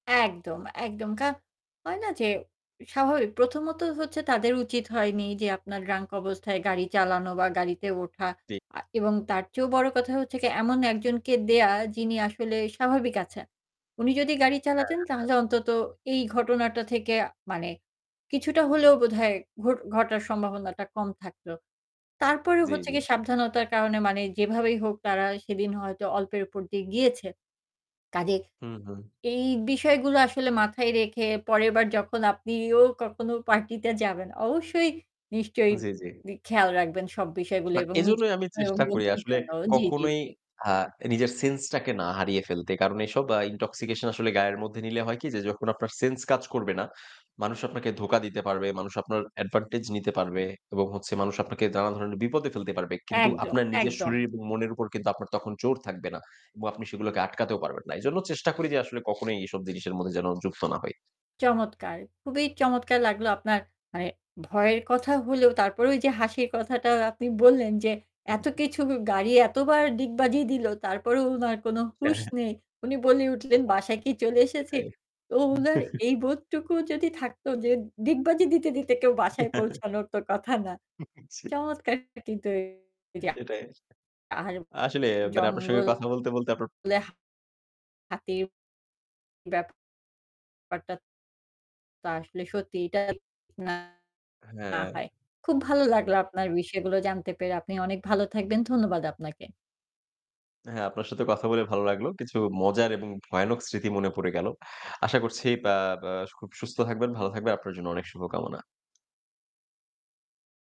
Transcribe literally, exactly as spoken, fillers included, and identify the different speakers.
Speaker 1: একদম, একদম। কারণ হয় না যে স্বাভাবিক, প্রথমত হচ্ছে তাদের উচিত হয়নি যে আপনার ড্রাঙ্ক অবস্থায় গাড়ি চালানো বা গাড়িতে ওঠা
Speaker 2: জ্বী।
Speaker 1: আ এবং তার চেয়েও বড় কথা হচ্ছে যে এমন একজনকে দেয়া যিনি আসলে স্বাভাবিক আছেন। উনি যদি গাড়ি
Speaker 2: হ্যাঁ,
Speaker 1: চালাতেন
Speaker 2: হ্যাঁ, হ্যাঁ।
Speaker 1: তাহলে অন্তত এই ঘটনাটা থেকে মানে কিছুটা হলেও বোধহয় ঘট ঘটার সম্ভাবনাটা কম থাকতো। তারপরেও
Speaker 2: জ্বী,
Speaker 1: হচ্ছে কি
Speaker 2: জ্বী।
Speaker 1: সাবধানতার কারণে মানে যেভাবেই হোক তারা সেদিন হয়তো অল্পের উপর দিয়ে গিয়েছে। কজেই
Speaker 2: হু, হু।
Speaker 1: এই বিষয়গুলো আসলে মাথায় রেখে পরেরবার যখন আপনিও কখনো পার্টিতে যাবেন অবশ্যই নিশ্চয়ই
Speaker 2: জ্বী, জ্বী।
Speaker 1: গি খেয়াল রাখবেন সব বিষয়গুলো
Speaker 2: না
Speaker 1: এবং নিজের
Speaker 2: এজন্যই আমি
Speaker 1: ও
Speaker 2: চেষ্টা করি
Speaker 1: বন্ধুর
Speaker 2: আসলে
Speaker 1: জন্য। জ্বী, জ্বী,
Speaker 2: কখনোই
Speaker 1: জ্বী।
Speaker 2: আ নিজের সেন্সটাকে না হারিয়ে ফেলতে। কারণ এইসব আ ইনটক্সিকেশন আসলে গায়ের মধ্যে নিলে হয় কি যে যখন আপনার সেন্স কাজ করবে না, মানুষ আপনাকে ধোঁকা দিতে পারবে, মানুষ আপনার অ্যাডভান্টেজ নিতে পারবে এবং হচ্ছে মানুষ আপনাকে দানান ধরনের বিপদে ফেলতে পারবে। কিন্তু
Speaker 1: একদম,
Speaker 2: আপনার নিজের
Speaker 1: একদম।
Speaker 2: শরীর এবং মনের উপর কিন্তু আপনার তখন জোর থাকবে না। এবং আপনি সেগুলোকে আটকাতেও পারবেন না। এজন্য চেষ্টা করি যে আসলে কখনোই এসব জিনিসের মধ্যে যেন যুক্ত না হই।
Speaker 1: চমৎকার। খুবই চমৎকার লাগলো আপনার মানে ভয়ের কথা হলেও তারপরে ওই যে হাসির কথাটা আপনি বললেন যে
Speaker 2: আ
Speaker 1: এত
Speaker 2: জি।
Speaker 1: কিছু গাড়ি এতবার ডিগবাজি দিলো তারপরেও উনার কোনো
Speaker 2: হ্যাঁ,
Speaker 1: হুঁশ
Speaker 2: হ্যাঁ।
Speaker 1: নেই। উনি বলে উঠলেন, "বাসায় কি চলে এসেছি?"
Speaker 2: সেটাই।
Speaker 1: তো উনার এই বোধটুকু যদি থাকত যে ডিগবাজি দিতে, দিতে কেউ বাসায় পৌঁছানোর তো কথা না।
Speaker 2: জি।
Speaker 1: চমৎকার কিন্তু এই যা।
Speaker 2: সেটাই।
Speaker 1: আর
Speaker 2: আসলেই মানে আপনার সাথে কথা বলতে,
Speaker 1: জঙ্গলে
Speaker 2: বলতে আপনার
Speaker 1: হাতির ব্যাপারটা তো আসলে সত্যি এটা না
Speaker 2: হ্যাঁ।
Speaker 1: হয়। খুব ভালো লাগলো আপনার বিষয়গুলো জানতে পেরে। আপনি অনেক ভালো থাকবেন। ধন্যবাদ আপনাকে।
Speaker 2: হ্যাঁ, আপনার সাথেও কথা বলে ভালো লাগলো। কিছু মজার এবং ভয়ানক স্মৃতি মনে পড়ে গেল। আশা করছি বা বা খুব সুস্থ থাকবেন, ভালো থাকবেন, আপনার জন্য অনেক শুভকামনা।